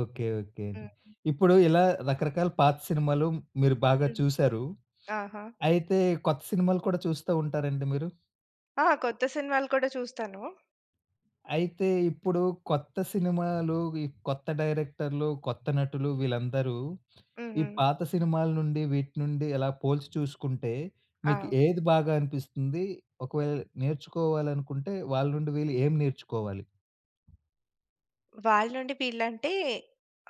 Okay. Okay. హుహు. ఇప్పుడూ ఇలా, రకరకాల పాత సినిమాలు మీరు బాగా హ్మ్. చూసారు. ఆహా! అయితే, కొత్త సినిమాలు కూడా, చూస్తా ఉంటారండి మీరు? ఆ! కొత్త సినిమాలు కూడా చూస్తాను. అయితే, ఇప్పుడు కొత్త సినిమాలు వి కొత్త డైరెక్టర్లు, కొత్త నటులు వీళ్ళందరూ, ఈ హుహు. పాత సినిమాల నుండి, వీటి నుండి, ఎలా పోల్చి చూసుకుంటే, మీకు ఆ! ఏది బాగా అనిపిస్తుందీ? ఒకవేళ నేర్చుకోవాలనుకుంటే, వాళ్ళ నుండి వీళ్ళు ఏం నేర్చుకోవాలి? వాళ్ళ నుండి వీళ్ళంటే,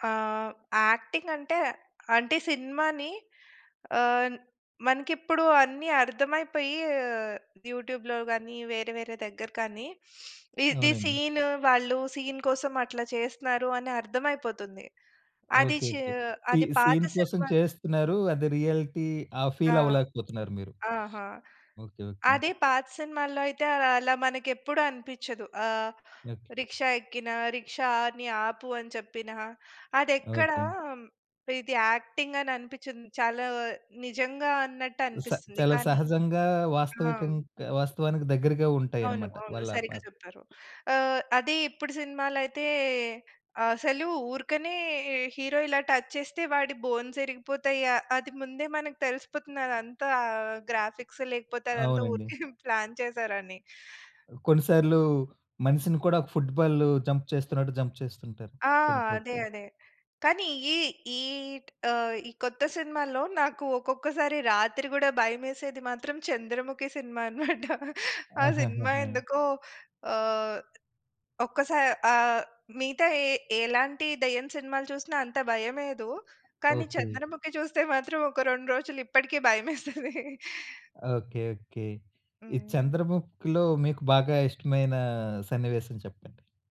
ఆహ్, యాక్టింగంటే అంటే సినిమాని ఆహ్, మనకిప్పుడు అన్ని అర్థమైపోయీ ఆహ్, యూట్యూబ్‌లో గానీ, వేరే, వేరే దెగ్గర కానీ, ఇదీ అవునండి. సీనూ, వాళ్ళు సీన్ కోసం అట్లా చేస్తున్నారు, అని అర్థమయిపోతుంది. అది ఓకే. చీ ఓకే. సీ అది పాత సీన్ కోసం సినిమాలో చేస్తున్నారూ, అది రియలిటీ ఆహ్, ఆ! ఫీలవ్వలేకపోతున్నారు మీరు. ఆహా! Okay okay. అదే పాత సినిమాల్లో అయితే, అల అలా మనకెప్పుడు అనిపిచ్చదు. ఆహ్, ఓకే. రిక్షా ఎక్కినా, రిక్షా అని ఆపు అని చెప్పినా, అదెక్కడా ఓకే. ఇది యాక్టింగననిపిచ్చదు. చాలా నిజంగా స అన్నట్టనిపిస్తుంది. చాలా కానీ సహజంగా ఆ! వాస్తవికం హ్మ్. కా వాస్తవానికి దెగ్గరగా అవును. ఉంటాయనమాట. అవును. వాళ్ళ సరిగ్గా పాత్ చెప్పారు. ఆహ్, అదే ఇప్పుడు సినిమాలయితే, అసలు ఊరకనే ఈ హీరో ఇలా టచ్ చేస్తే, వాడి బోన్సిరిగిపోతయ్య, అది ముందే మనకు తెలిసిపోతుంది, అదంతా గ్రాఫిక్స్ లేకపోతే, అదంతా ఊరికే అవునండి. ప్లాన్ చేసారని. ఆ! కొన్ని సార్లూ, మనిషిని కూడా, ఫుట్ బాలు జంప్ చేస్తున్నట్టు, జంప్ చేస్తుంటారు, ఆ! కొన్ని అదే. ఫైట్లు. అదే. కానీ, ఈ ఈట్ ఆహ్, ఈ కొత్త సినిమాల్లో, నాకు ఒక్కొక్కసారి రాత్రి కూడా భయమేసేది మాత్రం, 'చంద్రముఖి' సినిమా అనమాట. ఆ సినిమా ఆహాహాహా! ఎందుకో ఆహ్, ఒక్కసారి ఆహ్, మిగతా ఎ ఎలాంటి దెయ్యం సినిమాలు చూసినా, అంత భయమేయదు. కానీ, ఓకే. చంద్రముఖి చూస్తే మాత్రం, ఒక 2 రోజులిప్పటికీ భయమేస్తదీ. Okay okay. ఈ హ్మ్. 'చంద్రముఖిలో' మీకు బాగా ఇష్టమైన, సన్నివేశం చెప్పండి.